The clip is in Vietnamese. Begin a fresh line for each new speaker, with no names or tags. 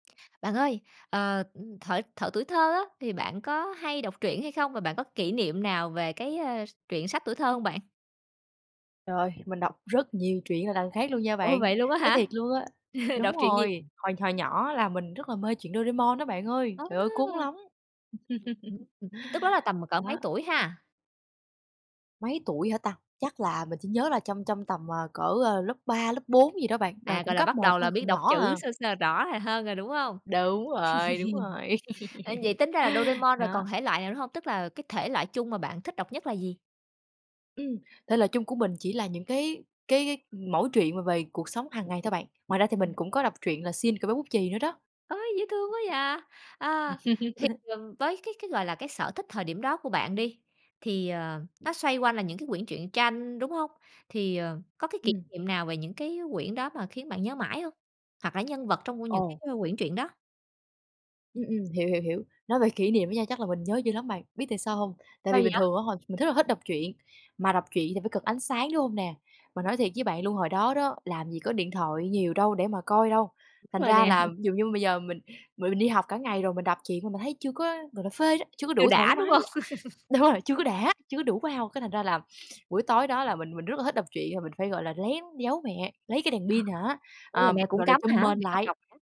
Bạn ơi, ờ, ừm, thuở thuở tuổi thơ á, thì bạn có hay đọc truyện hay không? Và bạn có kỷ niệm nào về cái, a, s truyện sách tuổi thơ hông bạn?
Trời, Mình đọc rất nhiều truyện là đằng khác luôn nha
Ồ!
bạn.
Vậy luôn á
Nói
hả?
thiệt luôn á đúng
Đọc truyện gì?
rồi, hồi hồi nhỏ là mình rất là mê truyện Doraemon á bạn ơi! Trời ơi! Cuốn
A!
lắm!
Ưm, ừm. Tức đó là tầm cỡ mấy
Đó.
tuổi ha?
Mấy tuổi hả ta? Chắc là mình chỉ nhớ là trong trong tầm, à, cỡ, ơ, lớp 3, lớp 4 gì đó bạn, ờ,
À,
cũng
gọi là,
cấp
bắt
1
đầu
thôi,
là biết
còn
đọc
nhỏ
chữ
à.
sơ sơ rõ, ờ, hơn rồi, đúng hông?
Đúng rồi, đúng rồi,
À, vậy tính ra là Doraemon rồi
đó.
còn thể loại nào nữa hông? Tức là cái thể loại chung mà bạn thích đọc nhất là gì?
Ừm, thể loại chung của mình chỉ là những cái cái cái mẩu chuyện mà về cuộc sống hàng ngày thôi bạn. Ngoài ra thì mình
Ừm.
cũng có đọc truyện là Shin- Cậu bé bút chì nữa đó.
Ôi! Dễ thương quá vậy! À, thì, ừm, với cái cái, gọi là, cái sở thích thời điểm đó của bạn đi, thì, ờ, nó xoay quanh là những cái quyển truyện tranh, đúng hông? Thì, ờ, có cái kỷ
Ừm.
niệm nào về những cái quyển đó mà khiến bạn nhớ mãi hông? Hoặc là nhân vật trong của những cái,
Ồ.
ơ, quyển truyện đó?
Ừm, ừm, hiểu, hiểu, hiểu. Nói về kỷ niệm đó nha, chắc là mình nhớ dữ lắm bạn, biết tại sao hông? Tại
Sao
vì
vậy?
bình thường á, hồi mình thích là hất đọc truyện mà đọc truyện thì phải cần ánh sáng, đúng hông nè? Mà nói thiệt với bạn luôn hồi đó đó, làm gì có điện thoại nhiều đâu để mà coi đâu. Thành
Đúng rồi
ra
nè.
là ví dụ như bây giờ mình m mình đi học cả ngày rồi mình đọc truyện mà mình thấy chưa có, gọi là, phê đó, chưa có
Chưa
đủ thoải
đã, đúng
mái
hông?
đó. Đúng rồi, chưa có đã, chưa có đủ wow. Cái thành ra là buổi tối đó là mình mình rất là thích đọc truyện cho nên mình phải, gọi là, lén giấu mẹ, lấy cái đèn
À ha.
pin hả,
Ôi, là
à,
mẹ cũng
gọi là,
cấm
trùm
hả?
mền
Mẹ cấm
lại.
đọc hả?